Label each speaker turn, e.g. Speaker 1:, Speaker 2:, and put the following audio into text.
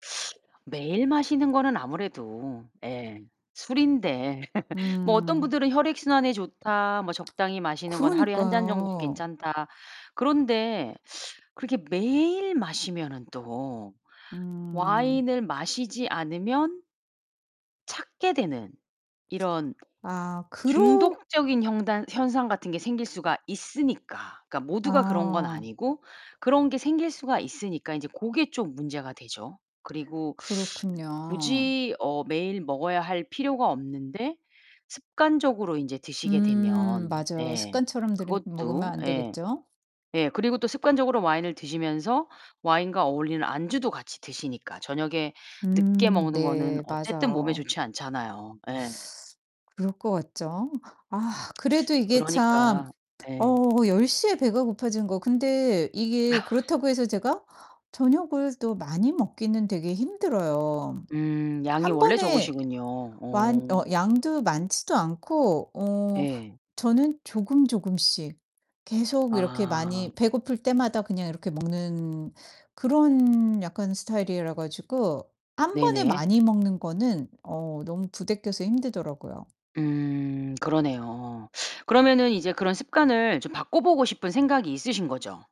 Speaker 1: 매일 마시는 거는 아무래도 예. 술인데 뭐 어떤
Speaker 2: 음.
Speaker 1: 분들은 '혈액순환에 좋다. 뭐 적당히 마시는 거는 하루에 1 잔 정도는
Speaker 2: 그러니까요.
Speaker 1: 괜찮다.' 그런데 그렇게 매일 마시면은 또
Speaker 2: 음.
Speaker 1: 와인을 마시지 않으면 찾게 되는 이런
Speaker 2: 아 그렇
Speaker 1: 중독적인 형단 현상 같은 게 생길 수가 있으니까 그러니까 모두가 그런 건
Speaker 2: 아.
Speaker 1: 아니고 그런 게 생길 수가 있으니까 인제 그게 좀 문제가 되죠. 그리고
Speaker 2: 그렇군요.
Speaker 1: 굳이 어 매일 먹어야 할 필요가 없는데 습관적으로 인제 드시게
Speaker 2: 음
Speaker 1: 되면
Speaker 2: 맞아요.
Speaker 1: 네
Speaker 2: 습관처럼 들이 먹으면
Speaker 1: 그것도
Speaker 2: 안
Speaker 1: 예.
Speaker 2: 되겠죠?
Speaker 1: 예 그리고 또 습관적으로 와인을 드시면서 와인과 어울리는 안주도 같이 드시니까 저녁에 늦게
Speaker 2: 음.
Speaker 1: 먹는 거는
Speaker 2: 네
Speaker 1: 어쨌든 몸에
Speaker 2: 맞아요.
Speaker 1: 좋지 않잖아요. 예.
Speaker 2: 그럴 것 같죠? 아 그래도 이게 참
Speaker 1: 그러니까 예.
Speaker 2: 어 10:00 에 배가 고파지는 거 근데 이게 그렇다고 해서 제가 저녁을 또 많이 먹기는 되게 힘들어요.
Speaker 1: 음. 양이
Speaker 2: 1
Speaker 1: 원래
Speaker 2: 번에
Speaker 1: 적으시군요.
Speaker 2: 완 어
Speaker 1: 어.
Speaker 2: 양도 많지도 않고 어
Speaker 1: 예.
Speaker 2: 저는 조금 조금씩 계속 이렇게
Speaker 1: 아.
Speaker 2: 많이 배고플 때마다 그냥 이렇게 먹는 그런 약간 스타일이라 가지고 1 번에
Speaker 1: 네네.
Speaker 2: 많이 먹는 거는 어 너무 부대껴서 힘들더라고요.
Speaker 1: 음 그러네요. 그러면은 이제 그런 습관을 좀 바꿔 보고 싶은 생각이 있으신 거죠?